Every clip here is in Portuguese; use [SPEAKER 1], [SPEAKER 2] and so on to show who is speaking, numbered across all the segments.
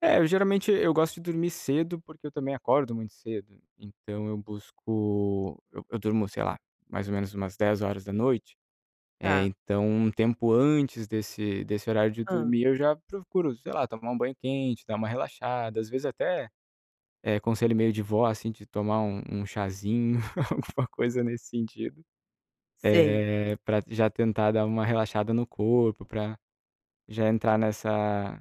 [SPEAKER 1] É, eu geralmente, eu gosto de dormir cedo, porque eu também acordo muito cedo, então eu busco eu eu durmo, sei lá, mais ou menos umas 22h, eh,
[SPEAKER 2] Tá.
[SPEAKER 1] então um tempo antes desse desse horário de
[SPEAKER 2] Hã.
[SPEAKER 1] dormir, eu já procuro, sei lá, tomar um banho quente, dar uma relaxada, às vezes até, eh, conselho meio de vó, assim, de tomar um um cházinho, alguma coisa nesse sentido.
[SPEAKER 2] Sei.
[SPEAKER 1] Eh, pra d já tentar dar uma relaxada no corpo, pra já entrar nessa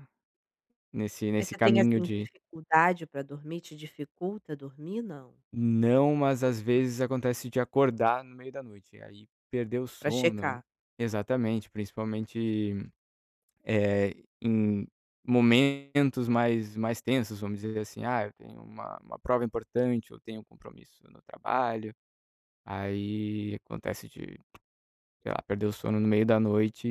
[SPEAKER 1] nesse
[SPEAKER 2] Mas
[SPEAKER 1] nesse
[SPEAKER 2] você tem,
[SPEAKER 1] caminho
[SPEAKER 2] assim,
[SPEAKER 1] de
[SPEAKER 2] dificuldade pra dormir, te dificulta dormir, não?
[SPEAKER 1] Não, mas às vezes acontece de acordar no meio da noite, e aí perder o
[SPEAKER 2] Pra
[SPEAKER 1] sono, né.
[SPEAKER 2] checar.
[SPEAKER 1] Exatamente, principalmente, eh, em momentos mais mais tensos, vamos dizer assim, "Ah, eu tenho uma uma prova importante, ou tenho um compromisso no trabalho". Aí acontece de, sei lá, perder o sono no meio da noite,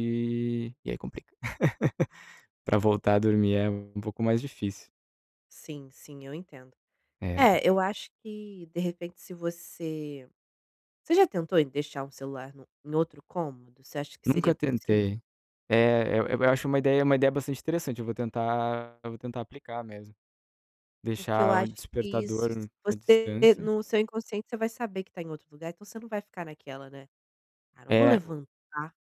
[SPEAKER 1] e aí complica. Pra voltar a dormir, é um um pouco mais difícil.
[SPEAKER 2] Sim, sim, eu entendo.
[SPEAKER 1] É.
[SPEAKER 2] É, eu acho que, de repente, se você você já tentou em deixar um celular no em outro cômodo, você acha que
[SPEAKER 1] Nunca
[SPEAKER 2] seria possível?
[SPEAKER 1] tentei. É, eu eu acho uma ideia uma ideia bastante interessante, eu vou tentar eu vou tentar aplicar mesmo.
[SPEAKER 2] Porque eu
[SPEAKER 1] Deixar o
[SPEAKER 2] acho que
[SPEAKER 1] despertador,
[SPEAKER 2] isso s
[SPEAKER 1] hum, à
[SPEAKER 2] você,
[SPEAKER 1] distância.
[SPEAKER 2] no seu inconsciente, você vai saber que tá em outro lugar, então você não vai ficar naquela, né, "Ah, não vou
[SPEAKER 1] É, o
[SPEAKER 2] levantar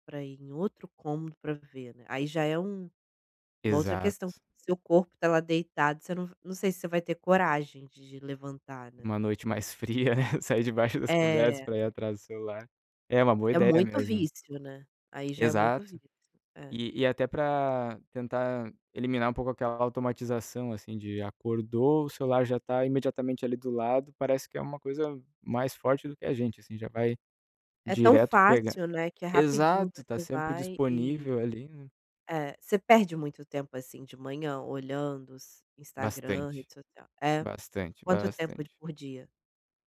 [SPEAKER 2] pra ir em outro cômodo pra ver, né", aí já é um uma outra
[SPEAKER 1] Exato.
[SPEAKER 2] questão. Seu corpo tá lá deitado você não não sei se você vai ter coragem de levantar, né.
[SPEAKER 1] Uma noite mais fria, sair debaixo das cobertas,
[SPEAKER 2] É.
[SPEAKER 1] pra ir atrás do celular. É uma boa
[SPEAKER 2] É
[SPEAKER 1] ideia
[SPEAKER 2] muito
[SPEAKER 1] mesmo.
[SPEAKER 2] vício, né. Aí já é muito
[SPEAKER 1] Exato.
[SPEAKER 2] vício. É.
[SPEAKER 1] E e até pra tentar eliminar um pouco aquela automatização, assim, de, acordou, o celular já tá imediatamente, ali, do lado, parece que é uma coisa mais forte do que a gente, assim, já vai
[SPEAKER 2] É tão
[SPEAKER 1] direto pegar
[SPEAKER 2] fácil, né, que é rapidinho,
[SPEAKER 1] exato, tá
[SPEAKER 2] você
[SPEAKER 1] sempre
[SPEAKER 2] vai e
[SPEAKER 1] disponível, ali, né.
[SPEAKER 2] Eh, você perde muito tempo, assim, de manhã, olhando s Instagram,
[SPEAKER 1] Bastante.
[SPEAKER 2] rede social é?
[SPEAKER 1] Bastante,
[SPEAKER 2] Quanto tempo
[SPEAKER 1] bastante.
[SPEAKER 2] d por dia?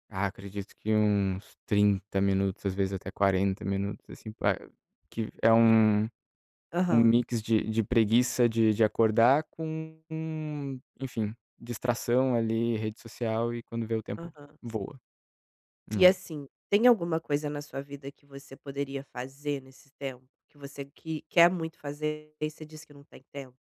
[SPEAKER 1] Ah, acredito que uns 30 minutos, às vezes até 40 minutos, assim, pra eu que é
[SPEAKER 2] E
[SPEAKER 1] um um
[SPEAKER 2] Aham.
[SPEAKER 1] mix de de preguiça de de acordar com, enfim, distração, ali, rede social, e quando vê, o tempo
[SPEAKER 2] Aham.
[SPEAKER 1] voa.
[SPEAKER 2] E
[SPEAKER 1] É.
[SPEAKER 2] assim, tem alguma coisa na sua vida que você poderia fazer nesse tempo, que você qui quer muito fazer, daí você diz que não tem tempo?